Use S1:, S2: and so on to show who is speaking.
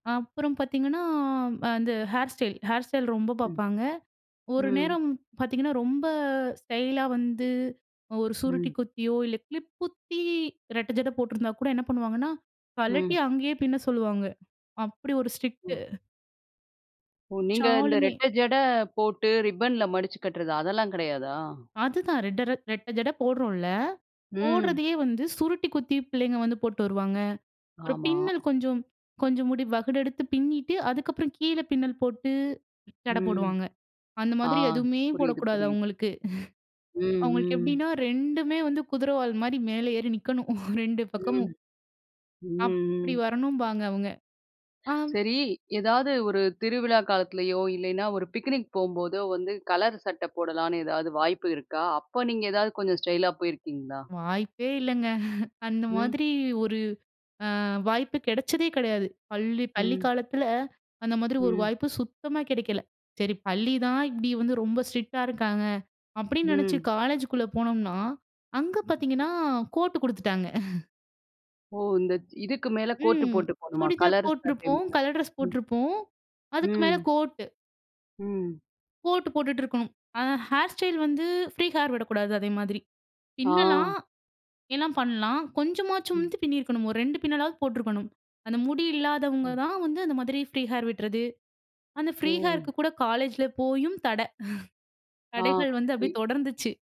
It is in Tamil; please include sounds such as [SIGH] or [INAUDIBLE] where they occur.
S1: அப்புறம் பாத்தீங்கன்னா, ம் அந்த ஹேர் ஸ்டைல், ஹேர் ஸ்டைல் ரொம்ப
S2: ம்,
S1: பாப்பாங்க. ஒரு
S2: ம்.
S1: நேரம் பாத்தீங்கன்னா, ரொம்ப ஸ்டைலா வந்து, அ ஒரு சுருட்டி
S2: ம்.
S1: குத்தியோ! இல்ல கிளிப் குத்தி ரெட்ட ஜட போட்டிருந்தா கூட என்ன பண்ணுவாங்கன்னா, கழட்டி
S2: ம்.
S1: அங்கேயே பின்ன சொல்லுவாங்க. அப்பிடி ஒரு ஸ்ட்ரிக்ட்டு
S2: ஓ! ஓ! நீங்க இந்த
S1: ஷாலுமே!
S2: ரெட்டை ஜடை, போட்டு ரிப்பன்ல மடிச்சு கட்டுறது, அதெல்லாம் கிடையாதா?
S1: அதுதான் ரெட்ட ரட் ரெட்ட ஜட போடுறோன்ல்ல!
S2: ம்.
S1: போடுறதயே வந்து, சுருட்டி குத்தி பிள்ளைங்க வந்து போட்டு வருவாங்க. அப்புறம்
S2: ஆமா.
S1: பின்னல் கொஞ்சம், கொஞ்சம் முடி வகுடு எடுத்து பின்னிட்டு, அதுக்கப்புறம் கீழ பின்னல் போட்டு, சடை
S2: ம்.
S1: போடுவாங்க. அந்த
S2: ஆ
S1: மாதிரி எதுவுமே
S2: புரியுது,
S1: போடக்கூடாது.
S2: புரியுது.
S1: அவுங்களுக்கு [LAUGHS]
S2: ம்,
S1: அவுங்களுக்கு
S2: ம்.
S1: எப்பிடின்னா, 2மே வந்து குதிரை வால்மாரி மேலே ஏறி நிக்கணும் [LAUGHS] 2 பக்கமும்.
S2: ம். ம்,
S1: அப்பிடி
S2: ம்.
S1: வரணும்பாங்க அவுங்க. ஆம்.
S2: சரி. எதாவது ஒரு திருவிழா காலத்திலேயோ! இல்லயின்னா ஒரு பிக்னிக் போம்போதோ வந்து, கலர் சட்டை போடலான்னு எதாவது வாய்ப்பு இருக்கா? அப்ப நீங்க ஏதாவது கொஞ்சம் ஸ்டைல்லா போயிருக்கீங்களா?
S1: வாய்ப்பே இல்லங்க [LAUGHS] அந்த
S2: ம்.
S1: மாதிரி ஒரு அ வாய்ப்பு கிடைச்சதே கிடையாது. பள்ளி பள்ளி
S2: ம்.
S1: காலத்தில அந்த மாதிரி ஒரு
S2: ம்.
S1: வாய்ப்பு சுத்தமா கிடைக்கல. சரி பள்ளி தான் இப்பிடி வந்து ரொம்ப ஸ்ட்ரிக்ட்டா இருக்காங்க. அப்பிடின்னு நெனைச்சு
S2: ம்.
S1: காலேஜுக்குள்ள போனோம்னா, அங்க பாத்தீங்கன்னா, கோட்டு குடுத்துட்டாங்க. [LAUGHS]
S2: ஓ! இந்த இதுக்கு மேல கோட்
S1: ம்.
S2: போட்டு போணுமா?
S1: சுடிதார்
S2: கலர் சட்டை
S1: போட்டிருப்போம்.
S2: மேல,
S1: கலர் ட்ரெஸ்
S2: ம்.
S1: போட்டிருப்போம். அதுக்கு மேலே
S2: ம்.
S1: கோட்டு,
S2: ம்.
S1: கோட்டு போட்டுட்டு இருக்கணும். ஆனா, ஹேர் ஸ்டைல் வந்து, ஃப்ரீ ஹேர் விடக்கூடாது அதே மாதிரி.
S2: ஆ.
S1: பின்னலாம், எல்லாம் பண்ணலாம். கொஞ்சமாச்சும்
S2: ம்.
S1: வந்து பின்னியிருக்கணும். ஒரு 2 பின்னலாவது போட்டிருக்கணும். அந்த முடி இல்லாதவங்க
S2: ம்.
S1: தான் வந்து, அந்த மாதிரி ஃப்ரீ ஹேர் விட்டுறது, அந்த ஃப்ரீ ஹேருக்கு
S2: ஓ!
S1: கூட காலேஜ்ல போயும் தடை. [CHUCKLES]
S2: ஆ,
S1: தடைகள் வந்து அப்பிடியே
S2: இ
S1: தொடர்ந்துச்சு.